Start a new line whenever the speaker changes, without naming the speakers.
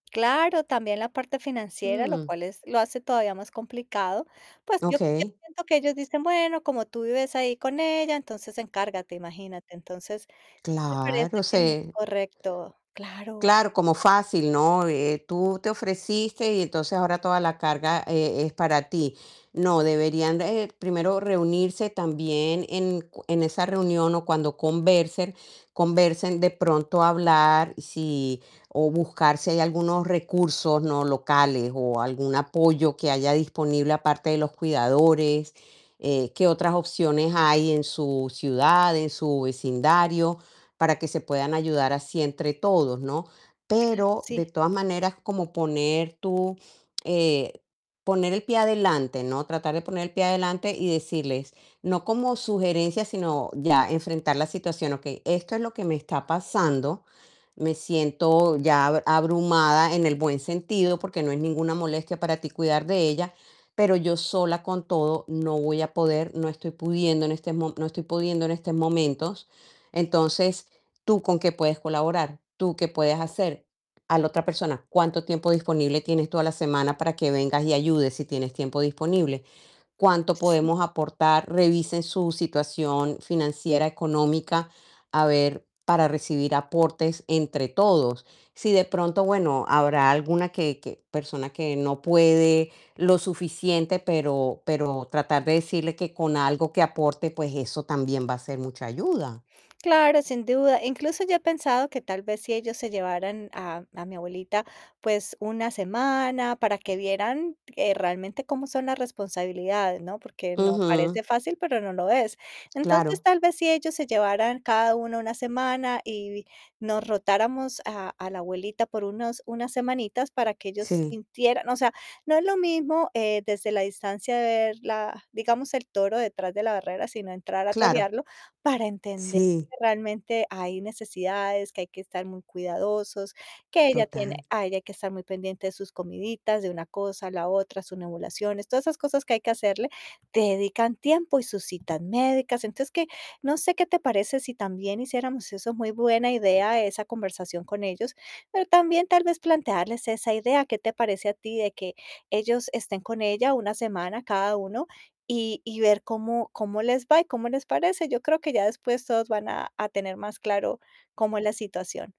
Claro, también la parte financiera, lo
Mm.
cual es lo hace todavía más complicado. Pues, yo yo
Okey.
siento que ellos dicen: "Bueno, como tú vives ahí con ella, entonces encárgate". Imagínate. Entonces, me
Claro,
parece que no es
se
correcto. Claro.
Claro, como fácil, ¿no? Eh, tú te ofreciste y entonces ahora toda la carga, eh, es para ti. No, deberían, eh, primero reunirse también en cu en esa reunión o cuando conversen conversen de pronto hablar si o buscar si hay algunos recursos, ¿no?, locales o algún apoyo que haya disponible aparte de los cuidadores, eh, qué otras opciones hay en su ciudad, en su vecindario, para que se puedan ayudar así entre todos, ¿no?
Claro,
Pero de
sí.
todas maneras como poner tu, eh, poner el pie adelante, ¿no? Tratar de poner el pie adelante y decirles, no como sugerencia, sino ya enfrentar la situación: "Okey, esto es lo que me está pasando, me siento ya ab abrumada en el buen sentido, porque no es ninguna molestia para ti cuidar de ella, pero yo sola con todo no voy a poder, no estoy pudiendo en este mo no estoy pudiendo en estos momentos. Entonces, ¿tú con qué puedes colaborar? ¿Tú qué puedes hacer?" A la otra persona: "¿Cuánto tiempo disponible tienes tú a la semana para que vengas y ayudes, si tienes tiempo disponible? ¿Cuánto
Sí.
podemos aportar? Revisen su situación financiera, económica, a ver, para recibir aportes entre todos". Si de pronto, bueno, habrá alguna que que persona que no puede lo suficiente, pero pero tratar de decirle que con algo que aporte, pues, eso también va a ser mucha ayuda.
Claro, sin duda. Incluso yo he pensado que tal vez, si ellos se llevaran a a mi abuelita, pues, una semana para que vieran, eh, realmente cómo son las responsabilidades, ¿no? Porque, no.
Ujú.
Parece fácil, pero no lo es. Entonces,
Claro.
tal vez si ellos se llevaran cada uno una semana y nos rotáramos a a la abuelita por unos una semanitas para que ellos
Sí.
sintieran, o sea, no es lo mismo, eh, desde la distancia ver, la digamos, el toro detrás de la barrera, sino entrar a
Claro.
torearlo para entender
Sí.
que realmente hay necesidades, que hay que estar muy cuidadosos, que ella tiene
Total.
a ella hay que estar muy pendiente de sus comiditas, de una cosa, la otra, sus nebulizaciones, todas esas cosas que hay que hacerle, te dedican tiempo y sus citas médicas. Entonces, que, no sé, ¿qué te parece si también hiciéramos eso? Muy buena idea esa conversación con ellos, pero también, tal vez plantearles esa idea, ¿qué te parece a ti de que ellos estén con ella una semana cada uno y y ver cómo cómo les va y cómo les parece? Yo creo que ya después todos van a a tener más claro, cómo es la situación